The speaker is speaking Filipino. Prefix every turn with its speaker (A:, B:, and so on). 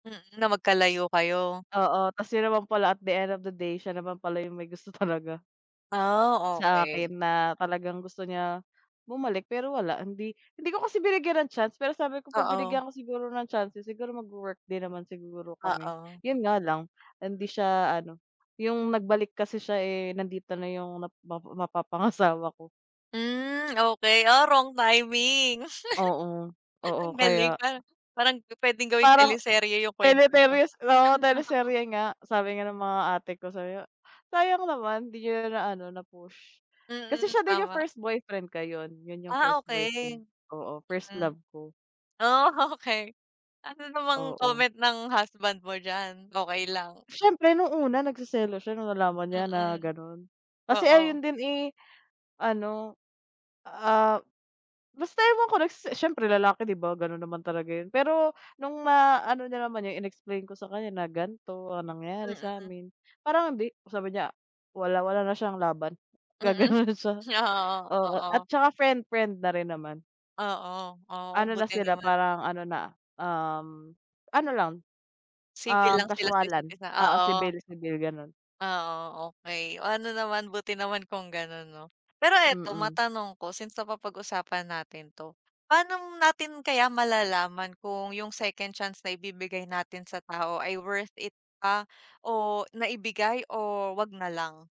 A: Mm, na magkalayo kayo.
B: Oo, kasi naman pala, at the end of the day, siya naman pala yung may gusto talaga.
A: Ah,
B: Sa
A: okey.
B: akin na talagang gusto niya bumalik, pero wala. Hindi hindi ko kasi binigyan ng chance. Pero sabi ko, 'pag
A: Oo.
B: binigyan ko siguro ng chances, siguro magwo-work din naman siguro kami.
A: Oo.
B: Yun nga lang, hindi siya ano, yung nagbalik kasi siya, eh, nandito na yung nap mapa mapapangasawa ko.
A: Hmm, okey. Ah, wrong timing,
B: Oo, oo,
A: ang galing
B: kaya
A: par parang pupuwedeng gawing
B: Parang
A: teleserye yung kwento niyo.
B: teleteryes oo, teleserye nga, sabi nga ng mga ate ko, sabi nga, sayang naman di niya na naano na-push. Kasi
A: Mm,
B: siya din yung
A: tama.
B: first boyfriend ko, yun yung
A: Ah,
B: first boyfriend,
A: okey.
B: oo, first
A: Mm,
B: love ko.
A: oh, okey. Ano namang
B: Oo.
A: comment ng husband mo diyan, okey lang?
B: Siyempre nung una, nagseselos siya nung nalaman niya na
A: Mm,
B: ganun, kasi
A: oo.
B: ayun din, eh, ano, ah, basta ewan ko nagse siyempre lalaki, di ba ganun naman talaga yun. Pero nung ma-ano niya naman yun, in-explain ko sa kanya na ganto ang nangyari
A: Mm.
B: sa'min, parang hindi. Sabi niya wala, wala na siyang laban, gaganon
A: Mm,
B: na siya.
A: oo,
B: Oo, at
A: oo.
B: saka friend, friend na rin naman.
A: Oo, oo,
B: Ano na
A: buti
B: sila
A: naman.
B: parang ano na, um, ano lang,
A: Civil
B: um,
A: lang sila sa
B: casualan,
A: isa't isa,
B: oo,
A: oo.
B: civil, civil, ganun.
A: Oo, okey. Oh, ano naman, buti naman kung ganon, 'no? Pero eto,
B: Mm.
A: matanong ko. Since napapag-usapan natin to, paano natin kaya malalaman kung yung second chance na ibibigay natin sa tao ay worth it pa o na ibigay o 'wag na lang?